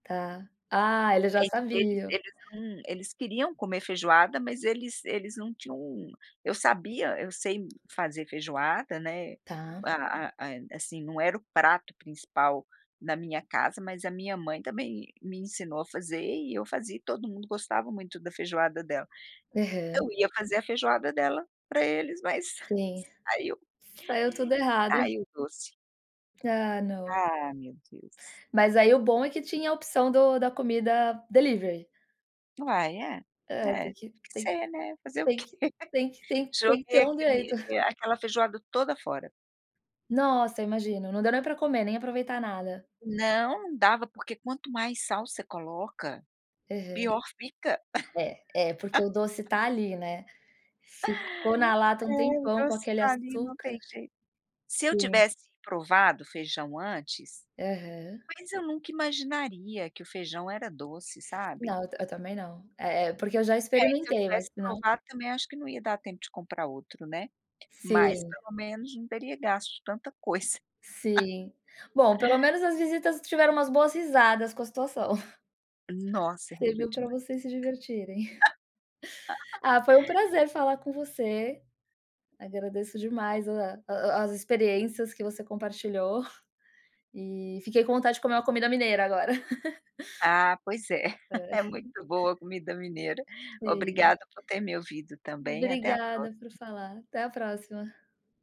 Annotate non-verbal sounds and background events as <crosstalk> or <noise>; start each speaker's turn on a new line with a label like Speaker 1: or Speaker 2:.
Speaker 1: Tá. Ah, eles já
Speaker 2: Mas eles
Speaker 1: sabiam.
Speaker 2: eles não eles queriam comer feijoada, mas eles eles não tinham, eu sabia eu sei fazer feijoada, né,
Speaker 1: Tá.
Speaker 2: a a a, eh, assim, não era o prato principal na minha casa, mas a minha mãe também me ensinou a fazer e eu fazia e todo mundo gostava muito da feijoada dela. Eu
Speaker 1: Aham.
Speaker 2: ia fazer a feijoada dela pra eles mas,
Speaker 1: Sim.
Speaker 2: aí eu
Speaker 1: Saiu tudo errado.
Speaker 2: ai o doce
Speaker 1: Ah, não.
Speaker 2: Ah meu Deus!
Speaker 1: Mas aí o bom é que tinha a opção do da comida delivery.
Speaker 2: Ah é,
Speaker 1: É tem
Speaker 2: é,
Speaker 1: que
Speaker 2: deve que
Speaker 1: tem que
Speaker 2: ser, né, fazer o
Speaker 1: tem
Speaker 2: quê?
Speaker 1: que tem que
Speaker 2: <chuckles>
Speaker 1: tem que
Speaker 2: Joguei
Speaker 1: ter um
Speaker 2: aquele
Speaker 1: jeito.
Speaker 2: a aquela feijoada toda fora.
Speaker 1: Nossa, imagino, não deu nem pra comer, nem aproveitar nada?
Speaker 2: Não dava, porque quanto mais sal você coloca,
Speaker 1: Aham.
Speaker 2: pior fica.
Speaker 1: É, é porque o doce
Speaker 2: <laughs>
Speaker 1: tá ali, né, ficou na lata
Speaker 2: É
Speaker 1: um
Speaker 2: o
Speaker 1: tempão com
Speaker 2: doce
Speaker 1: aquele
Speaker 2: tá ali não
Speaker 1: açúcar.
Speaker 2: tem jeito. Se eu
Speaker 1: Sim.
Speaker 2: tivesse provado o feijão antes,
Speaker 1: Aham.
Speaker 2: mas eu nunca imaginaria que o feijão era doce, sabe.
Speaker 1: Não, eu ta eu também não, eh eh, porque eu já
Speaker 2: É, se eu
Speaker 1: experimentei mas
Speaker 2: tivesse
Speaker 1: não
Speaker 2: provado também acho que não ia dar tempo de comprar outro, né, mas
Speaker 1: Sim.
Speaker 2: pelo menos não teria gasto de tanta coisa. <chuckles>
Speaker 1: Sim. Bom, pelo menos as visitas tiveram umas boas risadas com a situação.
Speaker 2: Nossa, riram
Speaker 1: Serviu
Speaker 2: de mim.
Speaker 1: pra vocês se divertirem. <chuckles>
Speaker 2: <laughs>
Speaker 1: Ah, foi um prazer falar com você, agradeço demais a a as experiências que você compartilhou, e fiquei com vontade de comer uma comida mineira agora.
Speaker 2: Ah pois
Speaker 1: <chuckles>
Speaker 2: é. <chuckles>
Speaker 1: É.
Speaker 2: É muito boa a comida mineira.
Speaker 1: Sim.
Speaker 2: Obrigada por ter me ouvido também, até a
Speaker 1: Obrigada por
Speaker 2: próxima.
Speaker 1: falar, até a próxima.